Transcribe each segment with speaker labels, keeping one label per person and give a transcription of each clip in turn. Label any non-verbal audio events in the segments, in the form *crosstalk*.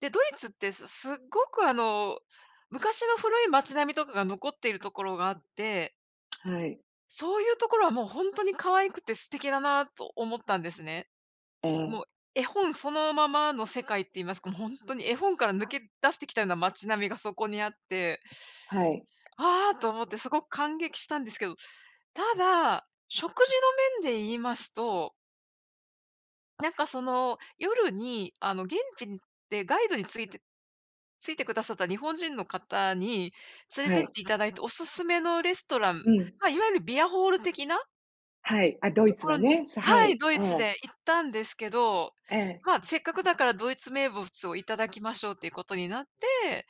Speaker 1: で、ドイツってすすっごく、あの、昔の古い街並みとかが残っているところがあって。
Speaker 2: はい。
Speaker 1: そういうところは、もう、ほんとに可愛くて素敵だなと思ったんですね。
Speaker 2: ええ。
Speaker 1: もう、絵本そのままの世界って言いますか、も、ほんとに絵本から抜け出してきたような街並みがそこにあって。
Speaker 2: はい。
Speaker 1: ああ！と思って、すごく感激したんですけど。ただ、食事の面で言いますとなんか、その、夜に、あの、現地に行ってガイドについてついてくださった日本人の方に連れ
Speaker 2: は
Speaker 1: てっ
Speaker 2: い。
Speaker 1: ていただいて、おすすめのレストラン、
Speaker 2: うん。
Speaker 1: ま、いわゆるビアホール的な
Speaker 2: はい。あ、ドイ
Speaker 1: と
Speaker 2: ツ
Speaker 1: こ
Speaker 2: は
Speaker 1: ろに
Speaker 2: ね、さは
Speaker 1: はい、
Speaker 2: い。
Speaker 1: ド
Speaker 2: え
Speaker 1: イツ
Speaker 2: え。
Speaker 1: で行ったんですけど、
Speaker 2: ええ。
Speaker 1: まあ、せっかくだからドイツ名物を頂きましょうっていうことになって、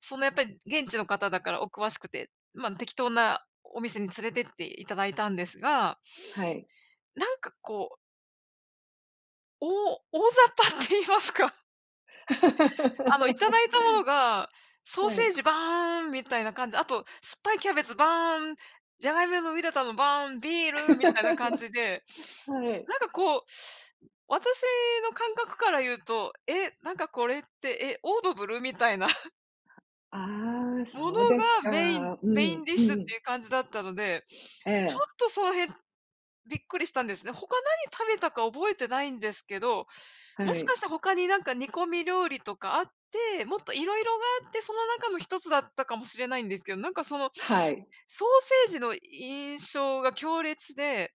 Speaker 1: その、やっぱり現地の方だからお詳しくて、まあ、適当なお店に連れてっていただいたんですが。
Speaker 2: はい。
Speaker 1: なんか、こうおお大雑把って言いますか。あの、頂
Speaker 2: *laughs*
Speaker 1: いたものが、ソー
Speaker 2: は
Speaker 1: セ
Speaker 2: い。
Speaker 1: ージ、バーンみたいな感じ、あと、酸っぱいキャベツ、バーン、ジャガイモの茹でたのバーン、ビール、みたいな感じで、
Speaker 2: *laughs* はい。
Speaker 1: なんか、こう、私の感覚から言うと、「え、なんかこれって、え、オードブル？」みたいな *chuckles*
Speaker 2: ああ、
Speaker 1: もの
Speaker 2: そうです
Speaker 1: がメイン
Speaker 2: か。う
Speaker 1: メイ
Speaker 2: ん、
Speaker 1: ンディッ
Speaker 2: う
Speaker 1: シュって
Speaker 2: ん。
Speaker 1: いう感じだったので、ちょ
Speaker 2: ええ。
Speaker 1: っとその辺びっくりしたんですね。他何食べたか覚えてないんですけど、も
Speaker 2: は
Speaker 1: しか
Speaker 2: い。
Speaker 1: した他になんか煮込み料理とかあって、もっと色々があって、その中の一つだったかもしれないんですけど、なんか、その、
Speaker 2: はい。
Speaker 1: ソーセージの印象が強烈で。